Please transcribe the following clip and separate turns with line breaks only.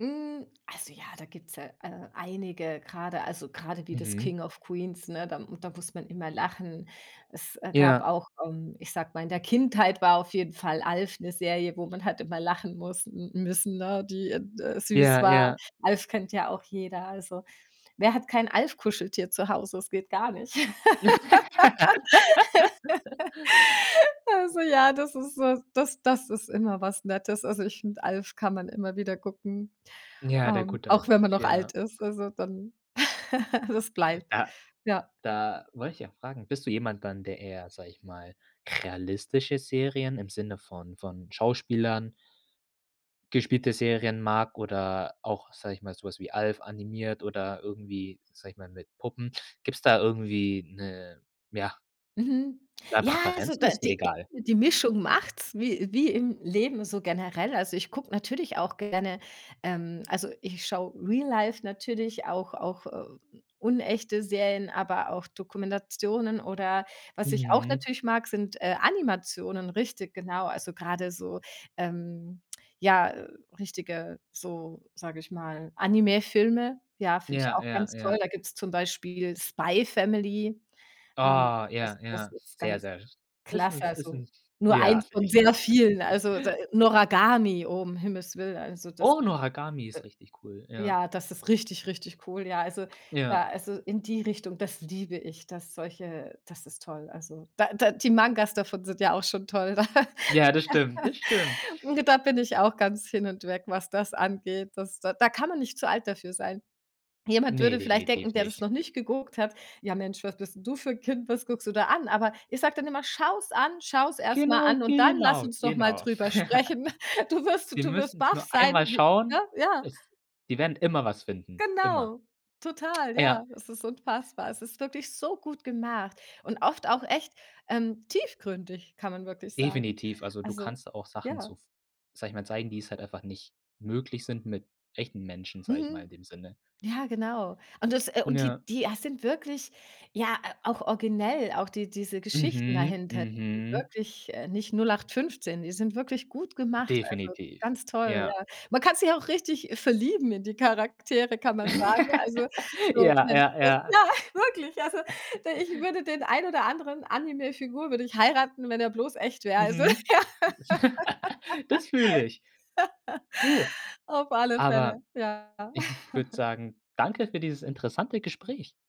Hm, also ja, da gibt's ja, äh, einige grade, also grade wie das
Mhm.
„King of Queens“, ne, da da muss man immer lachen. Es, äh, gab
Ja.
auch ähm, ich sage mal, in der Kindheit war auf jeden Fall „Alf“ 'ne Serie, wo man halt immer lachen muss n müssen, ne, die d äh, süß
Ja,
war.
ja.
„Alf“ kennt ja auch jeder. Also, wer hat kein Alf Kuscheltier zu Hause? Das geht gar nicht. Also, ja, das ist s das das ist immer was Nettes. Also ich finde, „Alf“ kann man immer wieder gucken,
Ja, der
ähm,
gute
auch
alte
wenn man
Alf,
noch
ja.
alt ist, also dann das bleibt,
Ja,
ja.
da wollte ich auch fragen, bist du jemand dann, der eher, sage ich mal, realistische Serien im Sinne von von Schauspielern gespielte Serien mag oder auch, sage ich mal, so was wie „Alf“ animiert oder irgendwie, sage ich mal, mit Puppen? Gibt's da irgendwie 'ne, ja
Mhm.
ja,
Ja, also
Präferenz oder
da
ist dir
die
egal?
die Mischung macht's wie wie im Leben so generell. Also, ich gucke natürlich auch gerne, ähm, also ich schaue Real Life natürlich auch auch, ähm, unechte Serien, aber auch Dokumentationen. Oder was ich auch
Mhm.
natürlich mag, sind, äh, Animationen, richtig genau. Also, grade so, ähm, ja, äh, richtige, so, sage ich mal, Animefilme. Ja, finde ich
Ja,
auch
ja,
ganz toll.
ja.
Da gibt's zum Beispiel „Spy Family“. Ähm,
Oh,
das
ja,
das
ja,
ist
sehr,
ganz
sehr ist
klasse.
'n ist
Also,
'n
nur
ja,
eins
finde
von
ich
sehr
auch.
vielen. Also, d „Noragami“ oh, um Himmels Willen, also das,
Oh, „Noragami“ ist richtig cool,
d
ja.
ja, das ist richtig, richtig cool. Ja, also
Ja.
ja also, in die Richtung, das liebe ich, dass solche das ist toll, also. Da da die Mangas davon sind ja auch schon toll da.
Ja, das stimmt, das stimmt.
Da bin ich auch ganz hin und weg, was das angeht. Das da kann man nicht zu alt dafür sein. Jemand
Ne,
würde vielleicht denken,
definitiv
der das
nicht.
noch nicht geguckt hat: „Ja Mensch, was bist du für 'n Kind? Was guckst du da an?“ Aber ich sage dann immer: „Schau's an! Schau's erst mal
Genau,
an und dann lass
genau,
uns doch mal
genau.
drüber sprechen. Du wirst
„Wir
du wirst
müssen's
baff
nur
sein“,
einmal
w ne?
schauen.“
Ja.
Es die werden immer was finden, immer.
Genau, total,
Ja.
ja, es ist unfassbar. Es ist wirklich so gut gemacht und oft auch echt, ähm, tiefgründig, kann man wirklich sagen.
Definitiv, also, du
Also,
kannst auch Sachen
ja.
so f sage ich mal, zeigen, die es halt einfach nicht möglich sind mit echten Menschen, sage ich mal, in
Mhm.
dem Sinne.
Ja genau. Und das äh, und die
Ja.
die a sind wirklich, ja, äh, auch originell, auch die diese Geschichten
Mhm.
dahinter, [unintelligible]
Mhm.
wirklich, äh, nicht 0815, die sind wirklich gut gemacht, also
Definitiv,
ganz toll,
ja.
ja. Man kann sich auch richtig verlieben in die Charaktere, kann man sagen. Also, so,
Ja,
Mensch
ja, ja.
ja, wirklich. Also, d ich würde den einen oder anderen Anime-Figur würde ich heiraten, wenn er bloß echt wäre. Also, ja.
Mhm. Das fühle ich. Du,
Auf alle Fälle,
aber
ja.
ich würde sagen, danke für dieses interessante Gespräch.